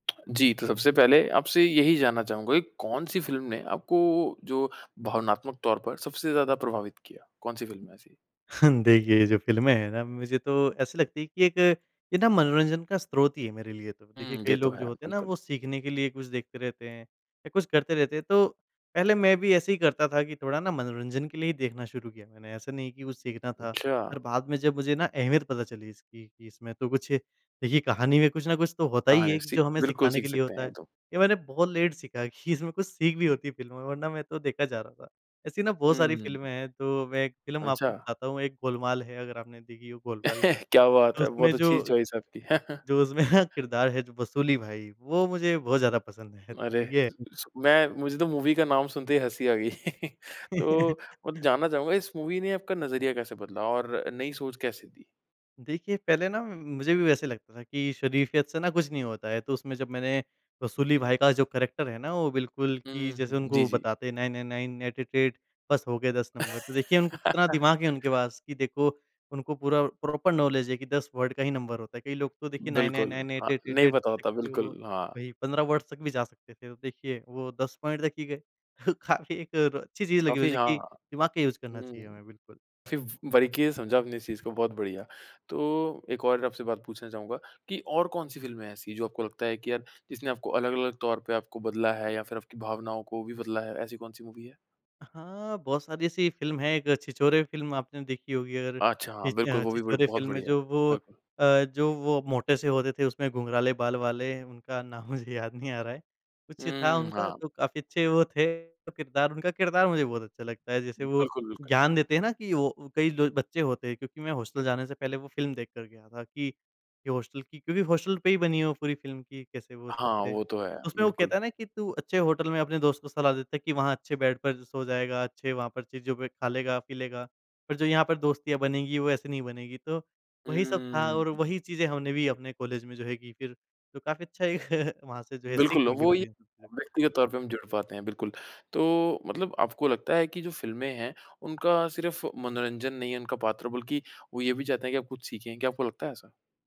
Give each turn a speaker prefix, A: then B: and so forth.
A: जी, तो सबसे पहले आपसे यही जानना चाहूँगा कि कौन-सी फ़िल्म ने आपको जो भावनात्मक तौर पर सबसे ज़्यादा प्रभावित किया? कौन-सी फ़िल्म है ऐसी?
B: हाँ, देखिए, ये जो फ़िल्में हैं ना मुझे तो ऐसी लगती है कि एक ये ना मनोरंजन का स्रोत ही है मेरे लिए तो। देखिए
A: हुँ, ये
B: कई
A: तो
B: लोग
A: है
B: जो होते हैं ना
A: बिल्कुल।
B: वो सीखने के लिए कुछ देखते रहते हैं या कुछ करते रहते हैं। तो पहले मैं भी ऐसे ही करता था कि थोड़ा-ना मनोरंजन के लिए ही देखना शुरू किया मैंने। ऐसा नहीं कि कुछ सीखना था
A: अच्छा।
B: पर बात में जब मुझे ना अहमियत पता चली इसकी कि इसमें तो कुछ देखिए कहानी में कुछ न कुछ तो होता
A: हाँ,
B: ही
A: है
B: है
A: सीख
B: जो हमें
A: बिल्कुल
B: सिखाने
A: सीख
B: के लिए
A: सकते हैं
B: होता
A: ये
B: है।
A: तो।
B: ये मैंने बहुत लेट सीखा है कि इसमें कुछ सीख भी होती है फ़िल्म वरना मैं तो देखा जा रहा था। ऐसी ना बहुत
A: हुँ,
B: सारी
A: हुँ।
B: फ़िल्में हैं तो मैं एक फ़िल्म आपको
A: अच्छा।
B: बताता हूँ एक गोलमाल है अगर आपने देखी हो गोलमाल।
A: क्या बात
B: तो
A: है,
B: उसमें
A: बहुत अच्छी
B: जो
A: चॉइस है आपकी।
B: जो उसमें ना किरदार है जो वसूली भाई वो मुझे बहुत ज़्यादा पसंद है।
A: अरे
B: तो ये है।
A: [unintelligible] मैं मुझे तो मूवी का नाम सुनते ही हँसी आ गई। तो मतलब जानना चाहूँगा इस मूवी ने आपका नज़रिया कैसे बदला और नई सोच कैसे थी?
B: देखिए, पहले ना म मुझे भी वैसे ही लगता था कि शरीफ़ियत से ना कुछ नहीं होता है। तो उसमें जब मैंने वसूली भाई का जो कैरेक्टर है ना, वो बिल्कुल कि
A: हुँ,
B: जैसे
A: हुँ। जी,
B: उनको
A: जी।
B: बताते हैं 9 9 9 8 8 8 बस हो गए 10 नंबर। तो देखिए उनको कितना दिमाग है उनके पास कि देखो उनको पूरा प्रॉपर नौलेज है कि 10 वर्ड का ही नंबर होता है। कई लोग तो देखिए नाइन नाइन
A: बिल्कुल।
B: नाइन एट
A: हाँ,
B: एट एट
A: नहीं
B: एट
A: पता होता
B: करते-करते
A: बिल्कुल
B: वो
A: हाँ।
B: 15 वर्ड्स तक भी जा सकते थे। तो देखिए वो 10 पॉइंट तक ही गए। काफ़ी एक अच्छी चीज़ लगी हुई
A: काफ़ी
B: है
A: हाँ।
B: कि दिमाग का यूज़ करना चाहिए
A: हुँ,
B: हमें बिल्कुल।
A: फ़ि बारीकी से समझा आपने इस चीज़ को। बहुत बढ़िया। तो एक और आपसे बात पूछना चाहूँगा कि और कौन-सी फ़िल्म है ऐसी जो आपको लगता है कि यार जिसने आपको अलग-अलग तौर पे आपको बदला है या फ़िर आपकी भावनाओं को भी बदला है ऐसी कौन-सी मूवी है?
B: हाँ, बहुत सारी ऐसी फ़िल्म है। एक छिछोरे फ़िल्म आपने देखी होगी और अ,
A: अच्छा, हाँ। बिल्कुल, वो भी
B: छिछोरे
A: बहुत
B: फ़िल्म में
A: बढ़िया है
B: जो वो
A: बिल्कुल।
B: अ, जो वो मोटे से होते थे उसमें घुंघराले बाल वाले उनका नाम मुझे याद नहीं आ रहा है। कुछ था
A: हुँ,
B: उनका
A: हाँ।
B: तो काफ़ी अच्छे वो थे किरदार उनका किरदार मुझे बहुत अच्छा लगता है जैसे वो
A: बिल्कुल, बिल्कुल।
B: ज्ञान देते हैं ना कि वो कई बच्चे होते हैं क्योंकि मैं हॉस्टल जाने से पहले वो फ़िल्म देख कर गया था कि ये हॉस्टल की क्योंकि हॉस्टल पे ही बनी है वो पूरी फ़िल्म की कैसे वो सब
A: हाँ,
B: थे।
A: वो तो है।
B: उसमें वो
A: बिल्कुल।
B: कहता है ना कि, तू अच्छे होटल में अपने दोस्त को सलाह देता है कि वहाँ अच्छे बेड पर सो जाएगा अच्छे वहाँ पर चीज़ पे खा लेगा पी लेगा। पर जो यहाँ पर दोस्तियाँ बनेगी वो ऐसे नहीं बनेगी तो वही सब था
A: उम्म।
B: और वही चीज़ें हमने भी अपने कॉलेज में जो है कीं। फ़िर तो काफ़ी अच्छा वहाँ से जो है सीख
A: बिल्कुल,
B: मिली
A: वो ये
B: मुझे इन सब चीज़ों की।
A: व्यक्तिगत तौर पर हम जुड़ पाते हैं बिल्कुल। तो मतलब आपको लगता है कि जो फ़िल्में हैं उनका सिर्फ़ मनोरंजन नहीं है उनका पात्र बल्कि वो ये भी चाहते हैं कि आप कुछ सीखें। क्या आपको लगता है ऐसा?